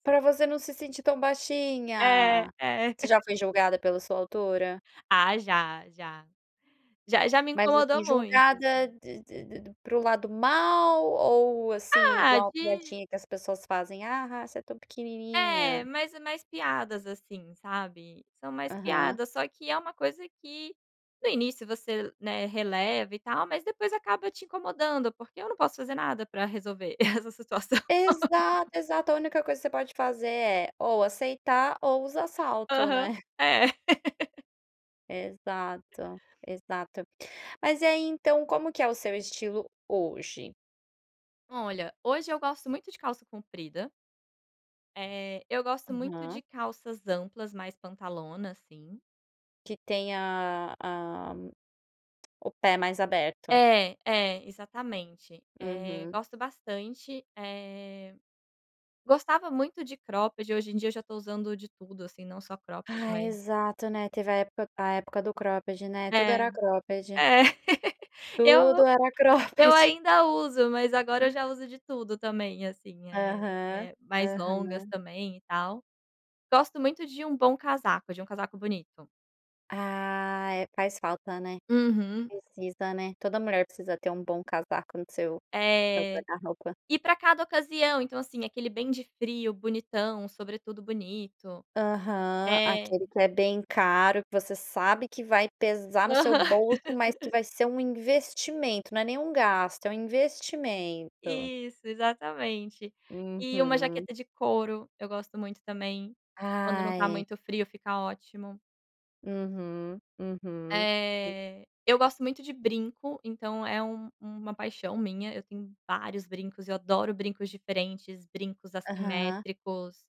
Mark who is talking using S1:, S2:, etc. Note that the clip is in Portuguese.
S1: Pra você não se sentir tão
S2: É,
S1: baixinha.
S2: é.
S1: Você já foi julgada pela sua altura?
S2: Ah já, já. Já, já me
S1: Mas, assim,
S2: incomodou muito,
S1: julgada
S2: assim.
S1: de de de para o lado mal, ou assim,
S2: Ah,
S1: igual
S2: de
S1: piadinha que as pessoas fazem, a ha, você é tão pequenininha.
S2: É, mas é mais piadas, assim, sabe, são mais
S1: Aham.
S2: piadas, só que é uma coisa que no início você, né, releva e tal mas depois acaba te incomodando, porque eu não posso fazer nada para resolver essa situação.
S1: Exato, exato a única coisa que você pode fazer, é ou aceitar ou usar salto, né?
S2: Aham, é.
S1: Exato, exato. Mas e aí, então, como que é o seu estilo hoje?
S2: Olha, hoje eu gosto muito de calça comprida. Eh, eu gosto muito
S1: Aham.
S2: de calças amplas mais pantalona, assim.
S1: Que tenha a o pé mais aberto.
S2: É, é exatamente, eh,
S1: Uhum.
S2: gosto bastante, eh, gostava muito de cropped, hoje em dia eu já estou usando de tudo, assim, não só cropped,
S1: Ah,
S2: mas
S1: exato, né, teve a época a época do cropped, né, tudo
S2: É,
S1: era cropped.
S2: é, eu
S1: Tudo era
S2: eu
S1: cropped.
S2: ainda uso, mas agora eu já uso de tudo também, assim, eh
S1: Aham,
S2: eh, mais longas
S1: aham.
S2: também, e tal. Gosto muito de um bom casaco, um casaco bonito.
S1: Ah é, faz falta, né,
S2: Uhum.
S1: precisa, né, toda mulher, precisa ter um bom casaco no seu
S2: É,
S1: guarda-roupa.
S2: e pra cada ocasião, então, assim, aquele bem de frio, bonitão, sobretudo bonito
S1: Aham,
S2: É.
S1: aquele que é bem caro, que você sabe que vai pesar no seu
S2: Aham.
S1: bolso, mas que vai ser um investimento, não é nem um gasto, é um investimento.
S2: Isso, exatamente. E uma
S1: Uhum.
S2: jaqueta de couro, eu gosto muito também, quando não tá
S1: Ai.
S2: muito frio, fica ótimo.
S1: Uhum, uhum.
S2: Eh, eu gosto muito de brinco, então, é um uma paixão minha, eu tenho vários brincos, eu adoro brincos diferentes, brincos
S1: Aham.
S2: assimétricos.